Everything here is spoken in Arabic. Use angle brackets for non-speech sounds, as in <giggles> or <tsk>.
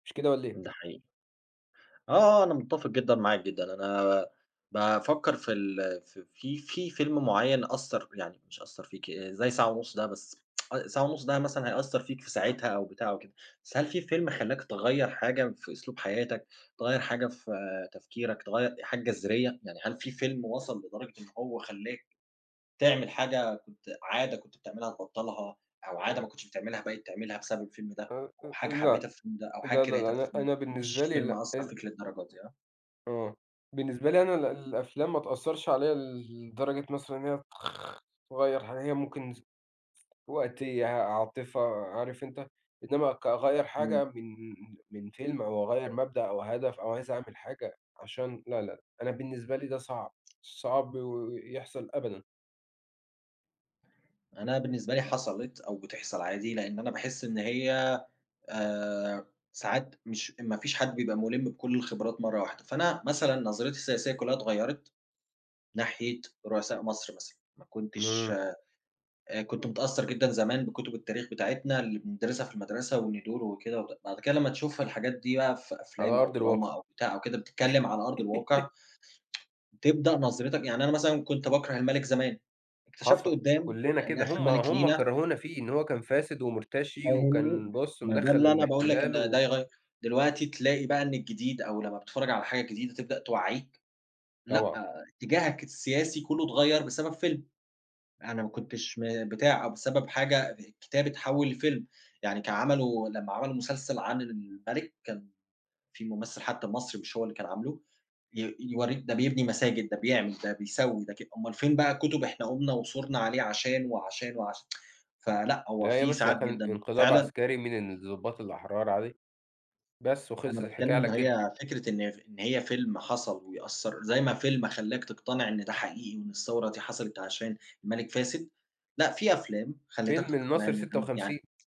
مش كده والّا إيه؟ ده حقيقي. آه آه، أنا متّفِق جدًا معاك، جدًا. أنا بافكّر في ال في في فيلم معيّن أثّر، يعني مش أثّر فيك، زي ساعة ونُص ده بس <tsk> أ ساعة ونُص ده مثلًا هيأثّر فيك في ساعتها أو بتاع وكده. بس هل في فيلم خلّاك تغيّر حاجة في أسلوب حياتك، تغيّر حاجة في تفكيرك، تغيّر حاجة جَذرية، يعني هل في فيلم وصَل لدرجة إن هو خلّاك تعمل حاجة كنت، عادة كنت بتعملها تبطّلها أو عادة ما آآ كنتش بتعملها بقيت تعملها بسبب الفيلم ده، أ أ أو أ حاجة لأ، حبّيتها في الفيلم ده، أو حاجة لا، لا، لا، كرِهتها في أنا الفيلم ده، أنا ما بالنسبة فيش لي فيلم لأ، أثّر ال فيك للدرجة دي، ها؟ أه، بالنسبة لي أنا ال الأفلام ما تأثّرش عليَّ ل لدرجة مثلًا إن هي تخ تغيّر حاجة. هي ممكن ف وقتيّة، عاطفة، عارف أنت إنما كأغيّر إمم. حاجة من من فيلم أو أغيّر مبدأ أو هدف أو عايز أعمل حاجة عشان لا، لا، أنا بالنسبة لي ده صعب، صعب يحصَل أبدًا. أنا بالنسبة لي حصَلِت، أو بتحصَل عادي. لإن أنا باحس إن هي آآ ساعات مش ما فيش حد بيبقى مُلِم بكلّ الخِبرات مرّة واحدة. فأنا مثلًا نظرتي السياسية كلّها اتغيّرت ناحية رؤساء مصر مثلًا. ما كنتش، إمم. آآ، كنت متأثّر جدًا زمان بكتُب التاريخ بتاعتنا اللي بنِدرِسها في المدرسة، <unintelligible> وكده. بَعد كده لمّا تشوف الحاجات دي بقى في على أفلام أو أرض الواقِع. دراما أو بتاع أو كده بتتكلّم على أرض الواقِع، <giggles> تبدأ نظرِتك يعني أنا مثلًا كنت باكره المَلِك زمان، اكتشفت حصَل، قُدّام كلّنا إن كده، إحنا هُم مَلِك هُم لينا كرهونا فيه إن هو كان فاسد ومُرتشي فاهمني، وكان بُصّ، ما ده مدخّل اللي أنا باقول لك إن الإحتلال ده و يغيّر دلوقتي تلاقي بقى إن الجديد، أو لمّا بتتفرّج على حاجة جديدة تبدأ توعّيك، لأ، طبعًا. إتجّاهك السياسي كلّه اتغيّر بسبب فيلم. أنا ما كنتش، م بتاع، أو بسبب حاجة ب كتاب اتحوّل لفيلم. يعني كان عملوا لما عملوا مسلسل عن المَلِك، كان في ممثل حتى المصري مش هو اللي كان عامله ي يورّيك ده بيبني مساجد، ده بيعمل، ده بيسوّي ده ك أومال فين بقى الكُتب، إحنا قُمنا وثورنا عليه عشان وعشان وعشان <tsk> فلأ، هو لا يا في باشا، ساعات ده كان جدًا إنقلاب فعلًا عسكري من الضُّباط الأحرار عليه، بس أنا وخلصِت الحكاية باتكلّم إن على كده. هي فكرة، إن ف إن هي فيلم حصَل ويأثّر، زي ما فيلم خلّاك تقتنع إن ده حقيقي وإن الثورة دي حصلت عشان المَلِك فاسد، لأ، في أفلام خلِّتك فيلم تقتنع الناصر إن سِتة ده يعني وخمسين